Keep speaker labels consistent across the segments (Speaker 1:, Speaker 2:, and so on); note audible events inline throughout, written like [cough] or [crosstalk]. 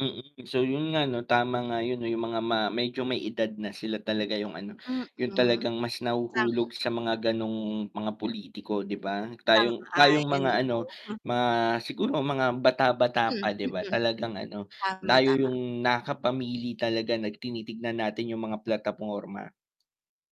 Speaker 1: Hmm, So 'yun nga, tama nga 'yun 'yung mga medyo may edad na, sila talaga 'yung ano, 'yung
Speaker 2: Hmm,
Speaker 1: talagang mas
Speaker 2: tama.
Speaker 1: nahuhulog sa mga ganong mga pulitiko 'di ba? Tayong, tayong mga ano
Speaker 2: [unintelligible]
Speaker 1: mga siguro mga bata-bata
Speaker 2: Mhm,
Speaker 1: pa, 'di ba,
Speaker 2: mhm.
Speaker 1: talagan ano
Speaker 2: Tama,
Speaker 1: tayo
Speaker 2: tama.
Speaker 1: yung nakakapamili talaga, tinitignan natin 'yung mga plataporma.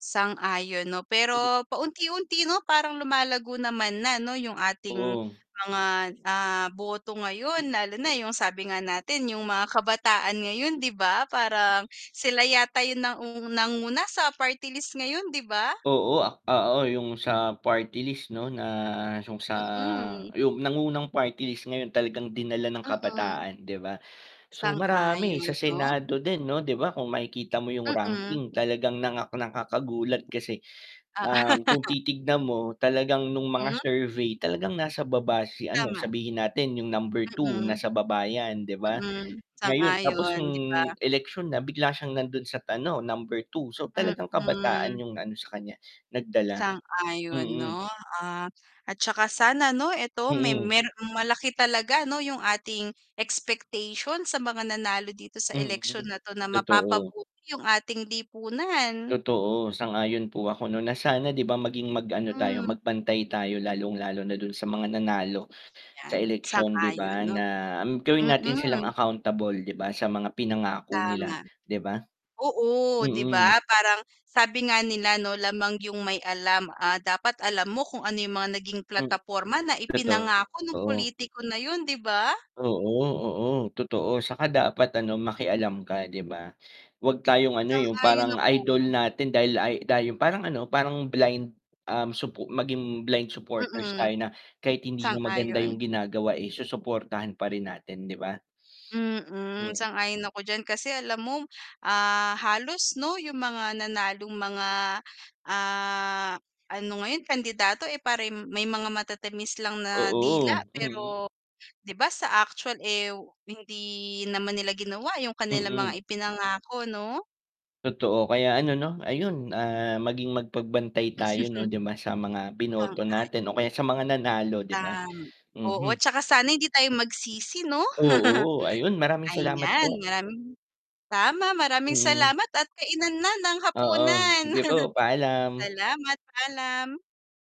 Speaker 2: Sang-ayon, 'no? Pero
Speaker 1: Mhm.
Speaker 2: paunti-unti, 'no, parang lumalago naman na 'yung ating
Speaker 1: Oo.
Speaker 2: mga ah, boto ngayon, lalo na 'yung sabi nga natin, 'yung mga kabataan ngayon, 'di ba? Parang sila yata 'yung nauna na nanguna sa party-list ngayon, 'di ba?
Speaker 1: Oo, ah, oo, 'yung sa party-list, 'no? Na 'yung sa
Speaker 2: Mhm.
Speaker 1: 'yung nangunang party-list ngayon, talagang dinala ng
Speaker 2: Mhm.
Speaker 1: kabataan, 'di ba? So marami sa
Speaker 2: Sang-ayon, 'no?
Speaker 1: Senado din, 'no? 'Di ba kung makikita mo 'yung
Speaker 2: Mhm.
Speaker 1: ranking, talagang nakakagulat. Kasi, um, kung
Speaker 2: [laughs]
Speaker 1: titignan mo, talagang nung mga
Speaker 2: Ah.
Speaker 1: survey, talagang nasa baba si ano
Speaker 2: Tama,
Speaker 1: sabihin natin 'yung number 2.
Speaker 2: mhm.
Speaker 1: nasa baba 'yan, 'di ba?
Speaker 2: Mhm,
Speaker 1: Ngayon, tapos
Speaker 2: Sang-ayon,
Speaker 1: nung
Speaker 2: 'di ba?
Speaker 1: eleksyon na, bigla siyang nandun sa ano, number 2. So talagang kabataan
Speaker 2: Mhm.
Speaker 1: 'yung ano, sa kanya nagdala,
Speaker 2: Sang-ayon,
Speaker 1: Mm.
Speaker 2: 'no? Ah, at tsaka sana, 'no, eto may
Speaker 1: Mhm.
Speaker 2: merong malaki talaga, no, 'yung ating expectation sa mga nanalo dito sa
Speaker 1: Hmm,
Speaker 2: eleksyon na 'to na
Speaker 1: totoo.
Speaker 2: mapapabuti yung ating lipunan.
Speaker 1: Totoo, sang-ayon po ako no na sana diba maging mag ano tayo
Speaker 2: Hmm.
Speaker 1: mag pantay tayo lalong lalo na don sa mga nanalo, sa
Speaker 2: Yan,
Speaker 1: eleksyon
Speaker 2: sang-ayon,
Speaker 1: diba
Speaker 2: 'no?
Speaker 1: na gawin natin silang,
Speaker 2: Mhm.
Speaker 1: accountable di ba? Sa mga pinangako nila
Speaker 2: Tama,
Speaker 1: di ba?
Speaker 2: oo 'Di ba,
Speaker 1: Mhm.
Speaker 2: parang sabi nga nila 'no, lamang 'yung may alam. Ah, dapat alam mo kung ano 'yung mga naging
Speaker 1: M
Speaker 2: plataporma na ipinangako ng
Speaker 1: totoo.
Speaker 2: pulitiko na 'yun, 'di ba?
Speaker 1: Oo, oo, totoo. Tsaka dapat, ano, makialam ka, 'di ba? 'Wag tayong ano, 'yung
Speaker 2: Sang-ayon
Speaker 1: parang idol
Speaker 2: ako.
Speaker 1: natin dahil, ay, yung parang, ano, parang blind ahm, supo maging blind supporters
Speaker 2: Mhm,
Speaker 1: tayo na kahit hindi na maganda 'yung
Speaker 2: sang-ayon.
Speaker 1: ginagawa, eh, susuportahan pa rin natin, 'di ba?
Speaker 2: Mhm,
Speaker 1: Mhm.
Speaker 2: sang-ayon ako diyan. Kasi alam mo, ah, halos, 'no, 'yung mga nanalong mga, ah, ano ngayon, kandidato, eh, parang may mga matatamis lang na dila,
Speaker 1: Oo, hmm.
Speaker 2: pero 'di ba sa actual, eh, hindi naman nila ginawa 'yung kanilang
Speaker 1: Mhm.
Speaker 2: mga ipinangako, 'no?
Speaker 1: Totoo. Kaya ano, 'no, ayun, ah, maging mag pagbantay tayo, 'no,
Speaker 2: [laughs]
Speaker 1: 'di ba, sa mga boto
Speaker 2: [unintelligible]
Speaker 1: natin o kaya sa mga nanalo, 'di ba?
Speaker 2: Ah,
Speaker 1: Hmm,
Speaker 2: oo,
Speaker 1: hmm.
Speaker 2: tsaka sana hindi tayo magsisi, 'no? [chuckles]
Speaker 1: Oo, ayun. Maraming salamat
Speaker 2: Ayan,
Speaker 1: po.
Speaker 2: [unintelligible] tama, maraming
Speaker 1: Mhm.
Speaker 2: salamat, at kainan na ng
Speaker 1: Oo,
Speaker 2: hapunan.
Speaker 1: sige po.
Speaker 2: [laughs]
Speaker 1: Paalam.
Speaker 2: Salamat, paalam.